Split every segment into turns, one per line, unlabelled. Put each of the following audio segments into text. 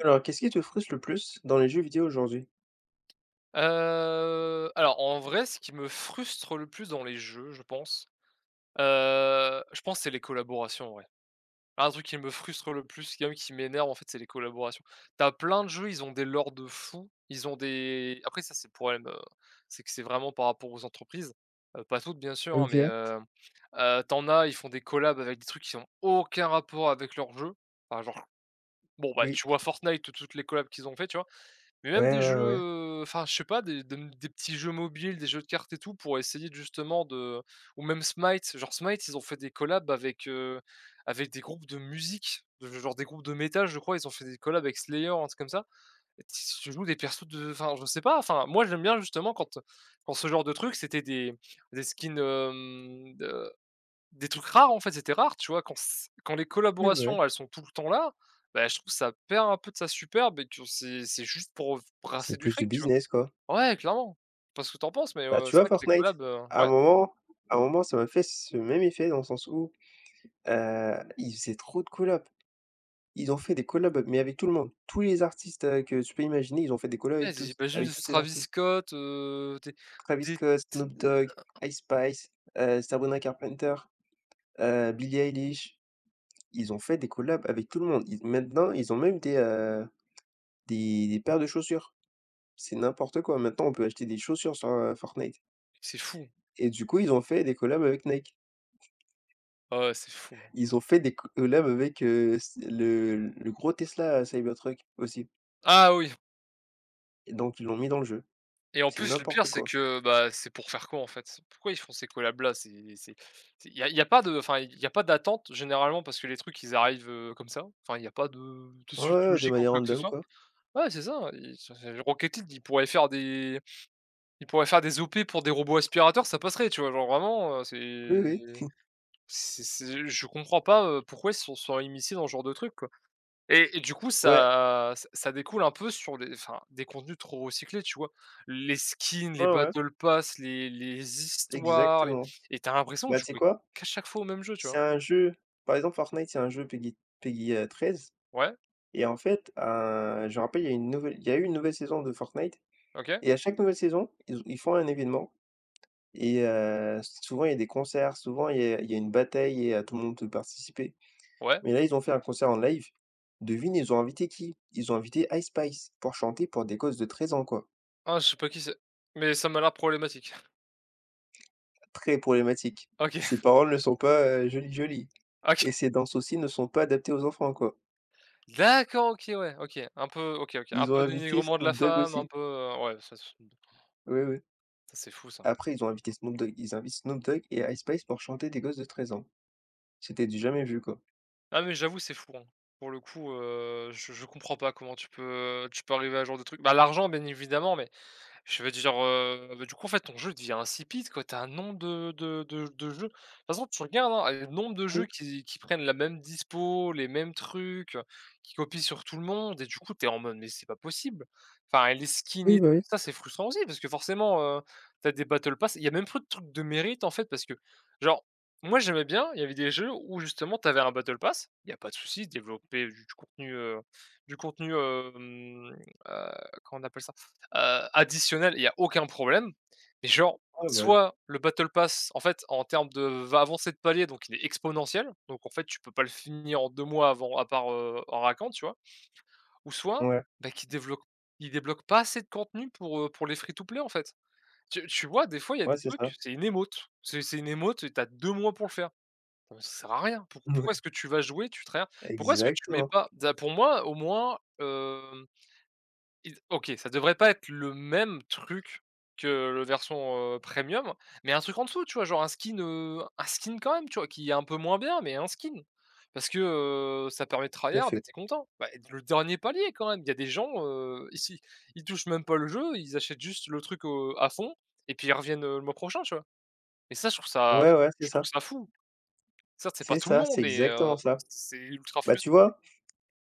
Alors qu'est-ce qui te frustre le plus dans les jeux vidéo aujourd'hui?
Heu, alors en vrai ce qui me frustre le plus dans les jeux je pense, heu, je pense c'est les collaborations en vrai. Un truc qui me frustre le plus, même qui m'énerve, en fait, c'est les collaborations. Tu as plein de jeux, ils ont des lores de fou, ils ont des après ça c'est le problème, heu, c'est que c'est vraiment par rapport aux entreprises, heu, pas toutes bien sûr, hein, mais,
OK.
heu heu, tu en as ils font des collabs avec des trucs qui ont aucun rapport avec leur jeu enfin genre bon, bah,
Oui.
tu vois Fortnite? Toutes les collabs qu'ils ont fait. Tu vois? Mais même
Ouais,
des
ouais,
jeux,
ouais.
heu, enfin je sais pas des de mmh, des petits jeux mobiles, des jeux de cartes et tout, pour essayer justement de ou ou même Smite. Genre Smite, ils ont fait des collabs avec, heu, avec des groupes de musique. Ge genre des groupes de métal, je crois ils ont fait des collabs avec Slayer ou un truc comme ça et t s tu joues des persos de enfin je sais pas enfin, moi j'aime bien justement quand, heu, quand ce genre de truc c'était des des skins, hem, de des trucs rares, en fait, c'était rare, tu vois? Quand s quand les
Oui bah ouais.
collaborations elles sont tout le temps là, bah, je trouve ça perd un peu de sa superbe et tu c'est c'est juste pour f
C'est
brasser du
plus du
fric, tu
business, quoi.
vois? Ouais clairement. Je sais pas ce que tu en penses mais
Bah
heu?
tu
C'est
vois
vrai que les
Fortnite,
collabs, heu
à un
ouais.
moment à un moment ça m'a fait ce même effet dans le sens où, heu, ils faisaient trop de collabs. Ils ont fait des collabs, mais avec tout le monde, tous les artistes, heu, que tu peux imaginer, ils ont fait des collabs,
Ouais
avec tous
j'imagine
avec
du
tous ces
Travis
artistes
Scott, heu, des
Travis
des
Scott,
t
Snoop Dog,
hein.
Ice Spice, heu, Sabrina Carpenter, heu, Billie Eilish, ils ont fait des collabs avec tout le monde, ils ont maintenant ils ont même des, heu, des des paires de chaussures. C'est n'importe quoi, maintenant on peut acheter des chaussures sur, heu, Fortnite
C'est fou!
et du coup ils ont fait des collabs avec Nike.
Ah ouais, c'est fou, hein.
Ils ont fait des collabs avec heu, s le le gros Tesla Cybertruck, aussi.
Ah oui!
Et donc ils l'ont mis dans le jeu.
Et en
C'est
plus, le pire
n'importe
c'est
quoi!
que bah, c'est pour faire quoi, en fait? Pourquoi ils font ces collabs-là? C'est c'est c'est il y a il y a pas de enfin, il y a pas d'attente généralement parce que les trucs ils arrivent, heu, comme ça. Enfin, il y a pas de de
Ouais,
suite
ouais, ouais. De
logique ou
manière
quoi que ce
random
soit.
quoi.
Ouais c'est ça, i enfin, je Rocket league ils pourraient faire des ils pourraient faire des opérations pour des robots aspirateur ça passerait, tu vois? Genre vraiment, heu,
Oui, oui.
c'est c'est c'est je comprends pas, heu, pourquoi ils sont sont immiscés dans ce genre de truc, quoi? Et et du coup
Ouais.
ça ça ça découle un peu sur des, enfin, des contenus trop recyclés. Tu vois? Les skins,
Ouais,
les
ouais.
battle Pass les les histoires les
Exactement!
et tu as l'impression de
Bah tu sais
jouer
quoi?
qu'à chaque fois au même jeu, tu
C'est
vois?
un jeu par exemple Fortnite c'est un jeu PG PG, heu, 13
Ouais?
et en fait, heu, je me rappelle, il y a une nouvelle il y a eu une nouvelle saison de Fortnite
OK!
et à chaque nouvelle saison, ils ils font un événement et heu, souvent il y a des concerts, souvent il y a il y a une bataille et heu, tout le monde peut participer.
Ouais?
Mais là, ils ont fait un concert en live. Devine ils ont invité qui? Ils ont invité Ice Spice pour chanter pour des gosses de 13 ans, quoi.
Ah je sais pas qui c'est! Mais ça m'a l'air problématique.
Très problématique,
OK.
ses paroles ne sont pas jolies jolies
OK.
et ses danses aussi ne sont pas adaptées aux enfants, quoi.
D'accord, OK, ouais, OK, un peu OK, OK un
Ils ont
peu
invité
dénigrement de la
Snoop Dog
femme un
aussi.
peu, heu ouais ça de toute façon
Oui, oui.
Ça, c'est fou ça!
Après ils ont invité Snoop Dog. Ils invitent Snoop Dog et Ice Spice pour chanter des gosses de 13 ans. C'était du jamais vu, quoi.
Non mais j'avoue c'est fou hein. Pour le coup, heu, je je comprends pas comment tu peux tu peux arriver à ce genre de truc? Bah, l'argent bien évidemment mais je vais dire, heu, bah, du coup, en fait, ton jeu, devient insipide, quoi, tu as un nombre de de de j de jeu. De toute façon, tu regardes, hein, le nombre de jeux
Oui.
qui qui prennent la même dispo, les mêmes trucs, qui copient sur tout le monde et du coup, tu es en mode: «Mais c'est pas possible». Enfin et les skins
Oui
et tout
bah, oui.
ça c'est frustrant aussi parce que forcément, heu, tu as des battle Pass il y a même plus de trucs de mérite, en fait parce que genre, moi j'aimais bien, il y avait des jeux, où justement tu avais un battle Pass. Il y a pas de souci, développer du contenu, heu, du contenu, hem, heu, comment on appelle ça? Heu, additionnel, il y a aucun problème et genre
Ah bah, ouais.
soit le battle Pass, en fait, en termes de va avancer de palier donc il est exponentiel donc en fait, tu peux pas le finir en 2 mois avant à part, heu, en raquant tu vois? Ou soit
Ouais.
bah qui développe il débloque pas assez de contenu pour, heu, pour les free to play, en fait, tu tu vois? Des fois, il y a
Ouais,
des
c'est
trucs,
ça.
c'est une emote c'est c'est une emote et tu as 2 mois pour le faire. Non mais ça sert à rien pour pourquoi est-ce
Mouais.
que tu vas jouer, tu try hard pourquoi est-ce que tu mets
Exactement.
pas, d a pour moi, au moins, hem, il OK ça devrait pas être le même truc que le version, heu, premium, mais un truc en dessous tu vois? Genre un skin, heu, un skin quand même, tu vois? Qui est un peu moins bien mais un skin parce que, heu, ça permet de try
Tout à
hard et
fait!
tu es content. Bah, le dernier palier quand même! Il y a des gens, heu, ici ils touchent même pas le jeu, ils achètent juste le truc, heu, à fond et puis ils reviennent, heu, le mois prochain, tu vois? Et ça je trouve ça
Ouais, ouais, c'est
je trouve
ça.
ça fou. Ça, c'est pas
C'est
tout le
ça,
monde
c'est
mais heu,
exactement ça.
c'est ultra
Bah tu
frustrant quoi.
vois,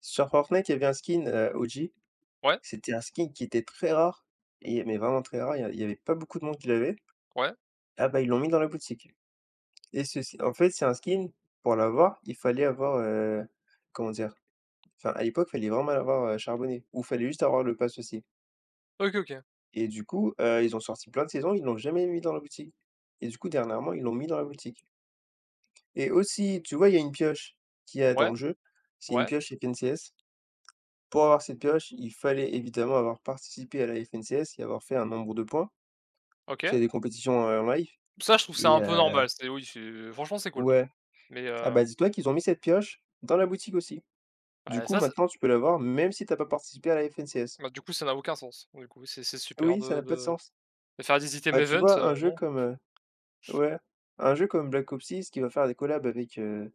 sur Fortnite il y avait un skin, heu, OG,
Ouais?
c'était un skin qui était très rare et mais vraiment très rare il y a il y avait pas beaucoup de monde qui l'avait.
Ouais.
Ah bah, ils l'ont mis dans la boutique et ceci en fait, c'est un skin, pour l'avoir il fallait avoir, heu, comment dire? Enfin à l'époque, il fallait vraiment mal avoir charbonné ou il fallait juste avoir le pass, aussi
OK. OK.
et du coup, heu, ils ont sorti plein de saisons, ils l'ont jamais mis dans la boutique et du coup, dernièrement, ils l'ont mis dans la boutique. Et aussi tu vois, il y a une pioche qu'il y a dans
Ouais.
le jeu, c'est une
Ouais.
pioche FNCS. Pour avoir cette pioche il fallait évidemment avoir participé à la FNCS et avoir fait un nombre de points. C'est
OK!
des compétitions, heu, en live
Ça je trouve ça
et
un peu
heu
normal, c'est oui, c'est heu, franchement c'est cool
Ouais,
mais
ah
heu
bah, dis-toi qu'ils ont mis cette pioche dans la boutique aussi. Du
Bah
coup,
ça c'est
maintenant tu peux l'avoir même si tu as pas participé à la FNCS.
Bah du coup, ça n'a aucun sens, pour le coup. C'est c'est super
Oui ça
de
n'a pas de
de
sens.
de faire des items
Bah tu
event,
vois
heu,
un jeu
bon
comme, heu ouais un jeu comme Black Ops 6 qui va faire des collabs avec, heu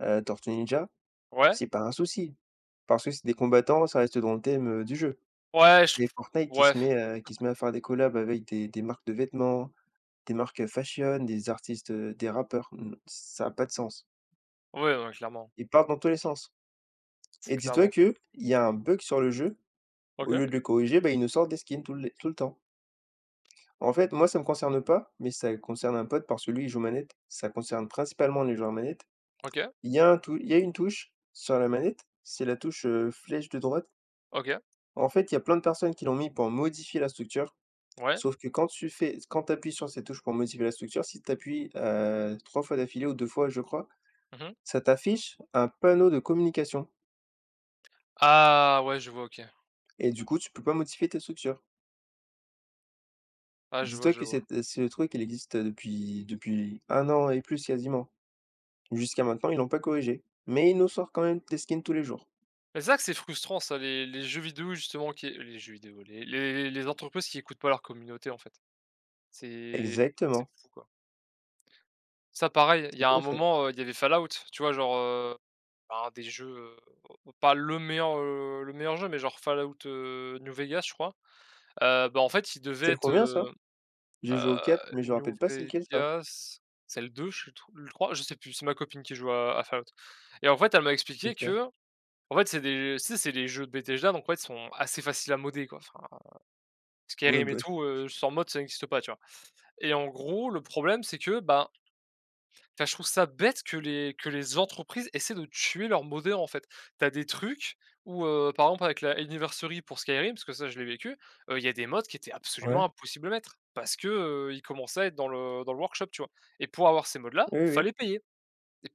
heu, Tortues Ninja,
Ouais?
c'est pas un souci parce que c'est des combattants ça reste dans le thème, heu, du jeu.
Ouais, je
Mais
trouve
Fortnite qui
ouais.
se met, heu, qui se met à faire des collabs avec des des marques de vêtements, des marques fashion, des artistes, heu, des rappeurs, mmh, ça a pas de sens.
Ouais, non, clairement.
Ils partent dans tous les sens
C'est
et dis-toi
clairement ça.
qu'il y a un bug sur le jeu. Au
OK.
lieu de le corriger, bah ils nous sortent des skins tout les tout le temps. En fait moi, ça me concerne pas mais ça concerne un pote parce que lui, il joue manette. Ça concerne principalement les joueurs manette,
OK.
il y a un tout il y a une touche sur la manette, c'est la touche, heu, flèche de droite.
OK.
En fait il y a plein de personnes qui l'ont mis pour modifier la structure.
Ouais.
Sauf que quand tu fais s quand tu appuies sur cette touche pour modifier la structure, si tu appuies, heu, 3 fois d'affilée ou 2 fois je crois,
Mmh mh.
ça t'affiche un panneau de communication.
Ah! Ouais je vois. OK.
Et du coup, tu peux pas modifier ta structure.
Ah je
Dis
vois,
toi
je
que
vois.
cette, heu, ce le truc elle existe depuis depuis 1 an et plus quasiment. Jusqu'à maintenant ils l'ont pas corrigé mais ils nous sort quand même des skins tous les jours.
Mais c'est vrai que c'est frustrant ça les les jeux vidéo justement qui les jeux vidéo, les le-s les entreprises qui écoutent pas leur communauté, en fait. C'est c'est
Exactement.
fou quoi. Ça pareil, il y a
Tout
un
à fait.
moment, heu, il y avait Fallout, tu vois, genre, heu, un des jeux pas le meilleur, heu, le meilleur jeu, mais genre Fallout, heu, New Vegas, je crois, heu, bah, en fait, il devait
C'est le
être,
combien ça?
heu
J'ai joué
heu,
au 4 mais je
New
rappelle pas, c'est lequel ça?
Vegas, c'est le 2 je suis tr ou le 3 je sais plus. C'est ma copine qui joue à à Fallout et en fait, elle m'a expliqué
OK.
qu'en fait, c'est des tu sais c'est les jeux de Bethesda donc, en fait, ils sont assez faciles à modder quoi enfin,
Oui,
Skyrim et
bah oui.
tout, heu, sans mode ça n'existe pas, tu vois? Et en gros, le problème c'est que bah enfin, je trouve ça bête que les que les entreprises essaient de tuer leur moddeur, en fait, tu as des trucs ou heu, par exemple, avec la Anniversary pour Skyrim, parce que ça je l'ai vécu, heu, il y a des mods qui étaient
Ouais.
absolument impossible à mettre parce que heu, ils commençaient à être dans le dans le workshop, tu vois? Et pour avoir ces mods là
Oui, oui.
fallait payer,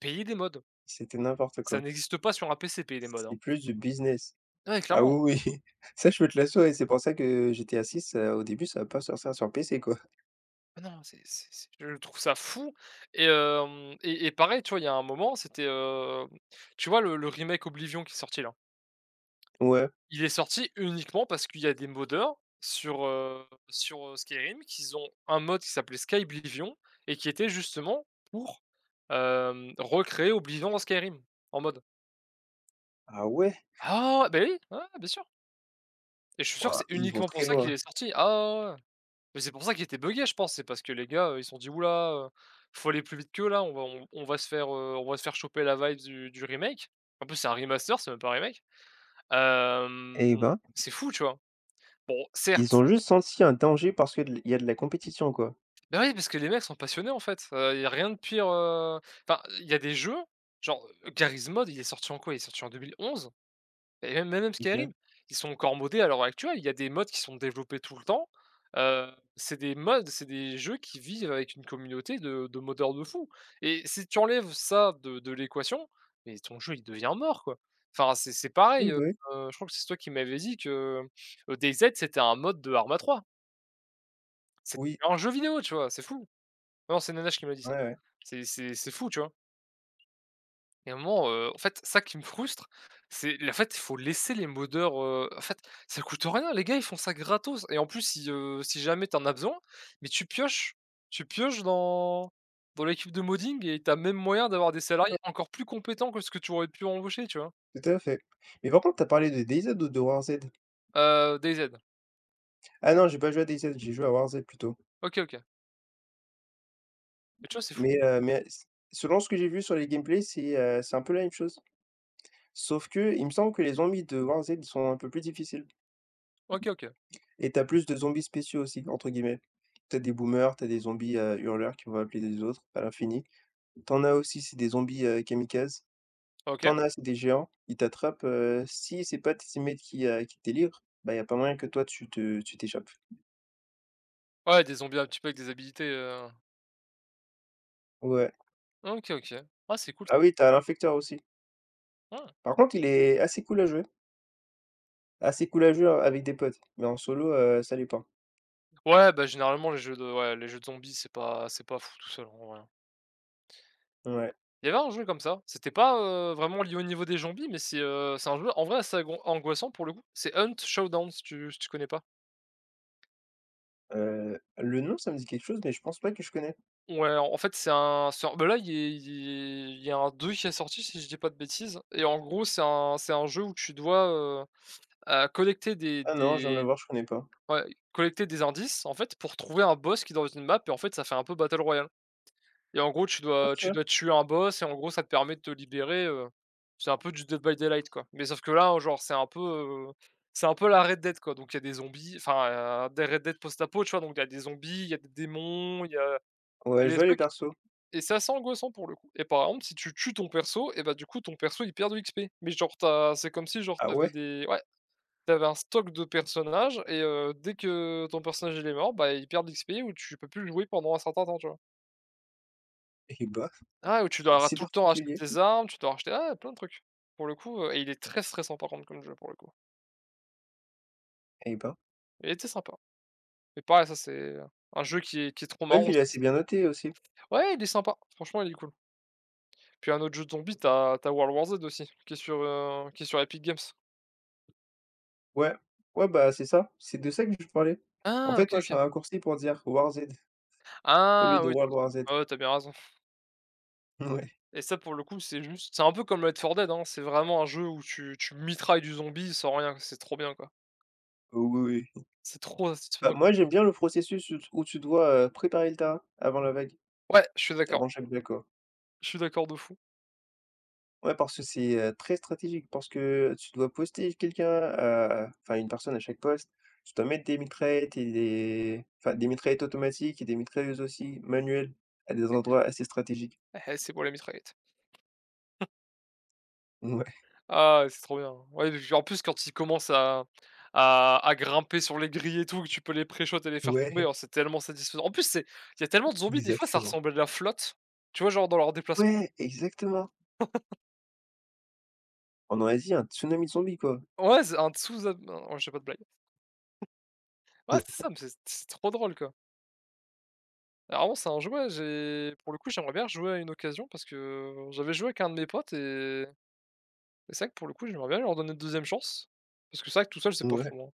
payer des mods.
C'était n'importe
Ça
quoi.
n'existe pas sur un pc payer les mods,
C'est
hein.
plus du business.
Ouais,
Ah
clairement.
oui oui. Ça je veux te l'assurer, c'est pour ça que GTA VI, heu, au début ça va pas sortir ça sur PC, quoi.
Bah non, c'est c'est c'est je trouve ça fou et hem et et pareil, tu vois, il y a un moment c'était, hem, tu vois le le remake Oblivion qui est sorti là?
Ouais.
Il est sorti uniquement parce qu'il y a des moddeur sur, heu sur, heu, Skyrim qu'ils ont un mod qui s'appelait Skyblivion et qui était justement pour, hem, recréer Oblivion en Skyrim en mod.
Ah ouais?
Ah! Beh oui, ouais, ouais, bien sûr! Et je suis sûr que
Wouah,
c'est
ils vont
uniquement pour
très
ça qu'il
loin!
est sorti. Ah ouais, ouais, ouais, ouais. Mais c'est pour ça qu'il était buggé je pense. C'est parce que les gars, heu, ils se sont dit: «Ouh là, il faut aller plus vite qu'eux là, on va on on va se faire, heu, on va se faire choper la vibes du du remake». En plus, c'est un remaster, c'est même pas remake,
Eh
hem,
ben!
c'est fou, tu vois? Bon,
Ils
certes
ont juste senti un danger parce que d l il y a de la compétition, quoi.
Ben oui parce que les mecs sont passionnés, en fait, heu, il y a rien de pire, heu, enfin il y a des jeux, genre Gary's mode, il est sorti en quoi, Il est sorti en 2011? Et même même
OK.
Skyrim, ils sont encore modés à l'heure actuelle, il y a des mods qui sont développés tout le temps, heu, c'est des mods, c'est des jeux qui vivent avec une communauté de de moddeur de fou et si tu enlèves ça de de l'équation mais ton jeu, il devient mort, quoi. Enfin c'est c'est pareil,
Oui,
heu,
bah oui.
je crois que c'est toi qui m'avait dit que, heu, Day Z c'était un mode de ARMA 3. C'ét
Oui.
un jeu vidéo, tu vois? C'est fou, non c'est Nanashe qui m'a dit ça.
Ouais, ouais.
C'est c'est c'est fou, tu vois? Et un moment, heu, en fait, c'est ça qui me frustre, c'est le fait, il faut laisser les moddeur heu en fait, ça coûte rien les gars, ils font ça gratos et en plus, si, heu, si jamais tu en as besoin mais tu pioches. Tu pioches dans dans l'équipe de modding et tu as même moyen d'avoir des salariés encore plus compétents que ce que tu aurais pu embaucher, tu vois?
Tout à fait. Mais par contre tu as parlé de Day Z ou de War Z?
Heu, Day Z.
Ah non j'ai pas joué a Day Z, j'ai joué à War Z plutôt.
OK. OK. Mais tu vois? C'est fou!
Mais, heu, mais s selon ce que j'ai vu sur les gameplay, c'est, heu, c'est un peu la même chose. Sauf qu'il me semble que les zombies de War Z sont un peu plus difficiles
OK. OK.
et tu as plus de «zombies spéciaux» aussi entre guillemets. Tu as des boomers tu as des zombies, heu, hurleurs qui vont appeler des autres à l'infini. Tu en as aussi c'est des zombies, heu, kamikazes. Tu
OK.
en as, c'est des géants, ils t'attrapent, heu, si c'est pas tes teammates qui, heu, qui te délivrent, bah, il y a pas moyen que toi tu te tu t'échappes.
Ouais, des zombies un petit peu avec des habilités, heu
Ouais.
Ah OK. OK. Ah c'est cool s
Ah oui tu as un infector aussi.
Ah!
Par contre il est assez cool à jouer. Assez cool à jouer, heu, avec des potes mais en solo, heu, ça l'est pas.
Ouais bah généralement les jeux de ouais les jeux de zombies c'est pas c'est pas fou tout seul, en vrai.
Ouais.
Il y avait un jeu comme ça. C'était pas, heu, vraiment lié au niveau des zombies mais c'est, heu, c'est un jeu en vrai, c'est gon angoissant pour le coup, c'est Hunt: Showdown si tu si tu connais pas?
Heu, le nom, ça me dit quelque chose, mais je pense pas que je connais.
Ouais, en fait, c'est un sort bah, là il il il y a un 2 qui est sorti si je dis pas de bêtises et en gros c'est un c'est un jeu où tu dois, heu heu, collecter des
Ah non je viens de le
des
voir je connais pas.
ouais collecter des indices, en fait, pour trouver un boss qui est dans une map en fait ça fait un peu Battle Royale et en gros tu dois tu
OK.
dois tuer un boss et en gros ça te permet de te libérer. Heu, c'est un peu du Dead by Daylight, quoi mais sauf que là genre c'est un peu, heu, c'est un peu à la Red Dead quoi donc il y a des zombies. Enfin des Red Dead post-apo, tu vois? Donc il y a des zombies, il y a des démons, il y a
Ouais,
il y
je
a des
vois les
trucs
persos.
et c'est assez angoissant pour le coup et par exemple si tu tues ton perso et bah, du coup ton perso il perd de l'XP mais genre tu as c'est comme si genre
Ah
tu avais
ouais!
des ouais tu avais un stock de personnages et heu, dès que ton personnage il est mort, bah, il perd de l'XP ou tu peux plus le jouer pendant un certain temps. Tu vois?
Et bah,
Ah ouais, tu
c'est
dois ra
assez
tout le temps racheter
particulier.
des armes. Tu dois racheter ah ouais, plein de trucs pour le coup, heu, et il est très stressant par contre comme jeu pour le coup.
Eh ben.
Il était sympa, mais pareil ça c'est un jeu qui est qui est trop
Je vois
marrant
qu'il est assez bien noté aussi.
ouais il est sympa franchement il est cool. Puis un autre jeu de zombie tu as tu as World War Z aussi qui est sur, heu, qui est sur Épic Games.
Ouais, ouais, bah, c'est ça c'est de ça que je parlais, en
Ah
fait
OK,
moi je fais
OK.
un raccourci pour dire war z au lieu
Ah
de
oui-
World War Z.
ouais, ouais tu as bien raison.
Ouais.
Et ça pour le coup c'est juste c'est un peu comme Left 4 Dead, hein. C'est vraiment un jeu où tu tu mitrailles du zombie sans rien, c'est trop bien quoi.
Heu, oui, oui.
C'est trop
Bah,
satisfaisant comme
moi j'aime
jeu.
bien le processus où t où tu dois, heu, préparer le terrain avant la vague.
Ouais, je suis d'accord.
Avant chaque vague quoi.
Je suis d'accord de fou.
Ouais, parce que c'est, heu, très stratégique parce que tu dois poster quelqu'un à enfin, une personne à chaque poste, tu dois mettre des mitraillettes et des enfin des mitraillettes automatiques et des mitrailleuses aussi manuelles à des endroits assez
[unintelligible]
stratégiques.
.Beh, c'est pour les mitraillettes.
Mouais.
Ah, c'est trop bien, ouais, j'ai en plus quand il commence à à à grimper sur les grilles et tout tu peux les pré-shots et les faire tomber,
Ouais.
c'est tellement satisfaisant. En plus, c'est tellement de zombies des fois ça
Exactement.
ressemble à de la flotte, tu vois genre dans leur déplacement.
Ouais! Exactement! On dirait un tsunami zombie, quoi.
Ouais, c'est un tsuza non je fais pas de blague. Ouais, c'est ça, mais c'est c'est trop drôle, quoi. Alors bon, c'est un jouet, j'ai pour le coup j'aimerais bien rejouer à une occasion parce que j'avais joué avec un de mes potes et et c'est vrai que pour le coup j'aimerais bien lui redonner une 2e chance parce que c'est vrai que tout seul, c'est pas
Ouais.
fou, hein.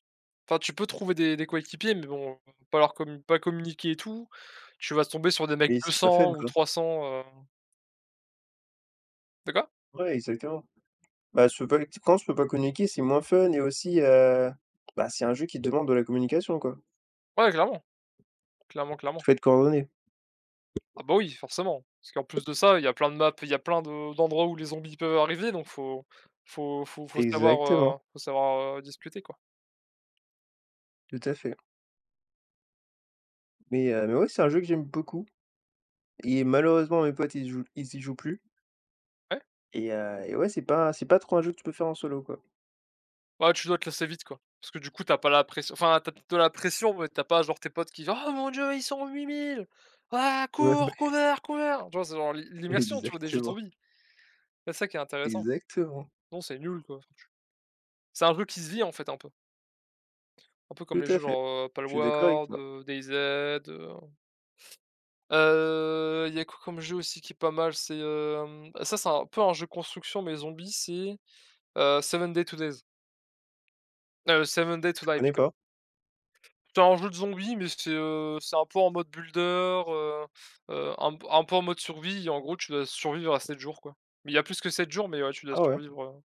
Enfin, tu peux trouver des des coéquipiers, mais bon pas leur com pas communiquer et tout, tu vas tomber sur des mecs
Oui,
que deux
c'est pas fun
cents ou
quoi.
300, heu De quoi?
Ouais, exactement. Bah ce, [unintelligible] tu penses que tu peux pas communiquer, c'est moins fun et aussi, heu, bah, c'est un jeu qui demande de la communication, quoi.
Ouais, clairement. Clairement,
Il
clairement.
faut être coordonné.
Ah bah oui, forcément parce qu'en en plus de ça, il y a plein de maps il y a plein de d'endroits où les zombies peuvent arriver donc faut faut faut savoir,
Exactement.
heu, faut savoir, heu, discuter quoi.
Tout à fait. Mais heu, mais ouais, c'est un jeu que j'aime beaucoup et malheureusement, mes potes, ils jouent ils y jouent plus
Ouais.
et heu, et ouais c'est pas c'est pas trop un jeu que tu peux faire en solo, quoi.
Ouais, tu dois te lasser vite, quoi parce que, du coup, tu as pas la pression enfin, tu as peut-être de la pression, mais tu as pas genre tes potes qui: «Ah mon Dieu, ils sont 8 000, ah!
Ouais, ouais.
Cours, cover, cover» tu vois? C'est genre l'im l'immersion tu vois? Des jeux de
Exactement.
zombie. C'est ça qui est intéressant.
Exactement.
Non, c'est nul quoi, chu c'est un truc qui se vit, en fait, un peu. Un peu comme
Tout
les jeux,
à fait,
genre, heu,
je suis d'accord avec
Palworld,
toi.
heu, DayZ, heu heu, il y a quoi comme jeu aussi qui est pas mal, c'est, hem ça, c'est un peu un jeu construction mais zombie, c'est, heu, 7 Days to Die heu, 7 Days to
Je
Die,
connais
plutôt.
pas.
C'est un jeu de zombies, mais c'est, heu, c'est un peu en mode builder, heu heu, un p un peu en mode survie et en gros, tu dois survivre à 7 jours, quoi mais il y a plus que 7 jours, mais ouais, tu dois
Ah ouais.
survivre, heu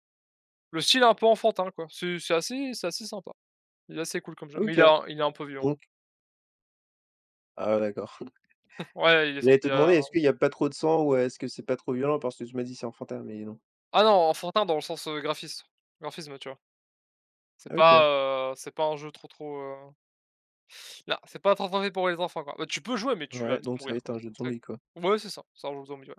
le style est un peu enfantin quoi, c'est c'est assez c'est assez sympa. Il est assez cool comme jeu, mais il
OK,
est il est un peu violent.
donc Ah d'accord.
Ouais, il est
J'allais
sorti, il
te
y
demander,
a
est ce qu'il y a pas trop de sang, ou est-ce que c'est pas trop violent, parce que tu m'as dit: «C'est enfantin» mais non.
Ah non, enfantin dans le sens, heu, graphis graphisme, tu vois? C'est pas,
OK.
heu, c 'est pas un jeu trop trop, heu non, c'est trop trop fait pour les enfants, quoi. Ouais, tu peux jouer, mais tu vas
Ouais,
vite
donc ça va
mourir
être
quoi.
un jeu de
Très
zombie, quoi.
ouais, c'est ça, c'est un jeu de zombie, ouais.